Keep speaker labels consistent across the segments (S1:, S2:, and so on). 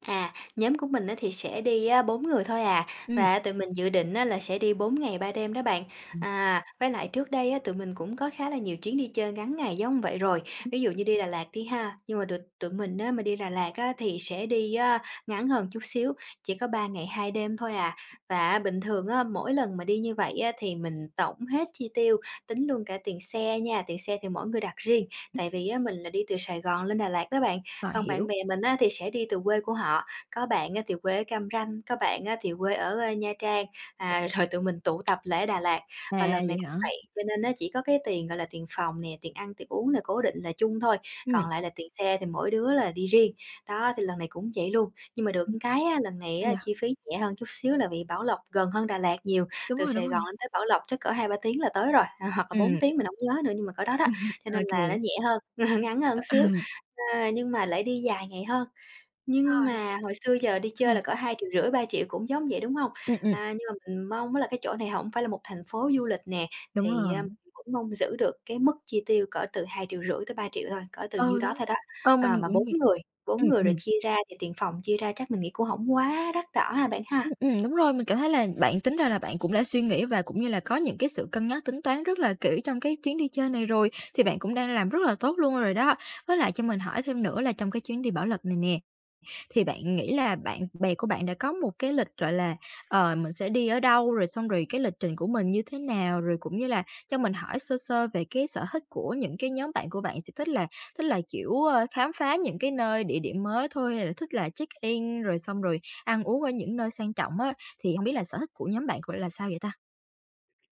S1: À, nhóm của mình á thì sẽ đi á 4 người thôi à,
S2: Ừm.
S1: và tụi mình dự định á là sẽ đi 4 ngày 3 đêm đó bạn.
S2: Ừm.
S1: À, với lại trước đây á, tụi mình cũng có khá là nhiều chuyến đi chơi ngắn ngày giống vậy rồi, ví dụ như đi Đà Lạt đi ha, nhưng mà được tụi mình á mà đi Đà Lạt á thì sẽ đi á ngắn hơn một chút xíu, chỉ có 3 ngày 2 đêm thôi à. Và á bình thường á, mỗi lần mà đi như vậy á thì mình tổng hết chi tiêu, tính luôn cả tiền xe nha, tiền xe thì mỗi người đặt riêng. Tại vì á, mình là đi từ Sài Gòn lên Đà Lạt đó bạn,
S2: À,
S1: còn bạn
S2: hiểu.
S1: bè mình á thì sẽ đi từ quê của họ, có bạn á thì quê ở Cam Ranh, có bạn á thì quê ở Nha Trang, à, rồi tụi mình tụ tập lại ở Đà Lạt.
S2: À,
S1: Và lần
S2: vậy
S1: này cũng
S2: hả?
S1: vậy, cho nên á chỉ có cái tiền, gọi là, tiền phòng nè, tiền ăn, tiền uống nè, cố định là chung thôi, còn
S2: Ừm.
S1: lại là tiền xe thì mỗi đứa là đi riêng, đó, thì lần này cũng vậy luôn. Nhưng mà được
S2: Hay
S1: một cái á, lần này
S2: vậy.
S1: chi phí rẻ hơn chút xíu là vì Bảo Lộc gần hơn Đà Lạt nhiều,
S2: Đúng
S1: từ
S2: rồi, đúng
S1: Sài Gòn
S2: rồi.
S1: lên tới Bảo Lộc chắc cỡ 2-3 tiếng là tới rồi, à, hoặc là 4
S2: Ừm.
S1: tiếng mình hổng nhớ nữa, nhưng mà cỡ đó đó, cho
S2: Ô
S1: nên là nó
S2: kê.
S1: nhẹ hơn, ngắn hơn
S2: Ờ,
S1: xíu,
S2: ừ.
S1: a, nhưng mà lại đi dài ngày hơn.
S2: Ờ,
S1: Nhưng
S2: đúng
S1: mà hồi xưa giờ
S2: [unintelligible]
S1: đi
S2: thì
S1: chơi là cỡ 2.500.000-3.000.000 cũng giống vậy, đúng hông?
S2: Ừm, ừm.
S1: À, nhưng mà mình mong á là cái chỗ này hổng phải là một thành phố du lịch nè,
S2: Đúng
S1: thì,
S2: rồi.
S1: à, mình cũng mong giữ được cái mức chi tiêu cỡ từ 2.500.000-3.000.000 thôi, cỡ từ nhiêu
S2: Ừ,
S1: đó
S2: đúng,
S1: thôi đó.
S2: ờ, mình
S1: À, mà
S2: cũng
S1: 4
S2: vậy.
S1: người,
S2: Ừm,
S1: 4 người rồi
S2: ừm.
S1: chia ra thì tiền phòng chia ra chắc mình nghĩ cũng hổng quá đắt đỏ ha bạn
S2: Ừm,
S1: ha.
S2: ừm, đúng rồi. Mình cảm thấy là bạn tính ra là bạn cũng đã suy nghĩ và cũng như là có những cái sự cân nhắc, tính toán rất là kỹ trong cái chuyến đi chơi này rồi, thì bạn cũng đang làm rất là tốt luôn rồi đó. Với lại cho mình hỏi thêm nữa là trong cái chuyến đi Bảo Lộc này nè, thì bạn nghĩ là bạn bè của bạn đã có một cái lịch, gọi là, ờ, mình sẽ đi ở đâu, rồi xong rồi cái lịch trình của mình như thế nào, rồi cũng như là cho mình hỏi sơ sơ về cái sở thích của những cái nhóm bạn của bạn, sẽ thích là thích là, kiểu, ơ, khám phá những cái nơi địa điểm mới thôi hay là thích là check-in rồi xong rồi ăn uống ở những nơi sang trọng á, thì hông biết là sở thích của nhóm bạn của là sao vậy ta?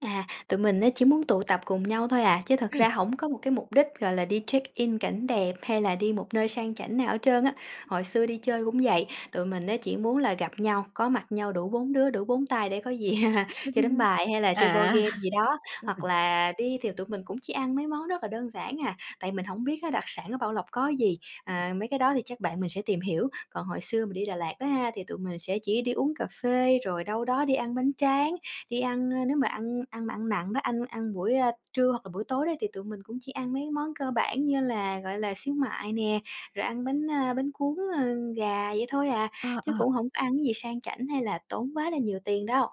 S1: À, tụi mình á chỉ muốn tụ tập cùng nhau thôi à, chứ thật
S2: Ừm.
S1: ra hổng có một cái mục đích, gọi là, đi check-in cảnh đẹp, hay là đi một nơi sang chảnh nào hết trơn á. Hồi xưa đi chơi cũng vậy, tụi mình á chỉ muốn là gặp nhau, có mặt nhau đủ 4 đứa, đủ 4 tay để có gì chơi đánh bài, hay là chơi board
S2: À!
S1: game gì đó, hoặc
S2: [unintelligible]
S1: là đi thì tụi mình cũng chỉ ăn mấy món rất là đơn giản à, tại mình hổng biết á đặc sản ở Bảo Lộc có gì.
S2: [unintelligible]
S1: À, mấy cái đó thì chắc bạn mình sẽ tìm hiểu, còn hồi xưa mình đi Đà Lạt đó ha, thì tụi mình sẽ chỉ đi uống cà phê, rồi đâu đó đi ăn bánh tráng, đi ăn, ơ, nếu mà ăn ăn nặng đó, ăn ăn buổi, ơ, trưa hoặc là buổi tối đó thì tụi mình cũng chỉ ăn mấy món cơ bản như là, gọi là, xíu mại nè, rồi ăn bánh, a, bánh cuốn, ơ, gà vậy thôi à,
S2: Ờ,
S1: chứ
S2: ờ.
S1: cũng hổng có ăn cái gì sang chảnh, hay là tốn quá là nhiều tiền đâu.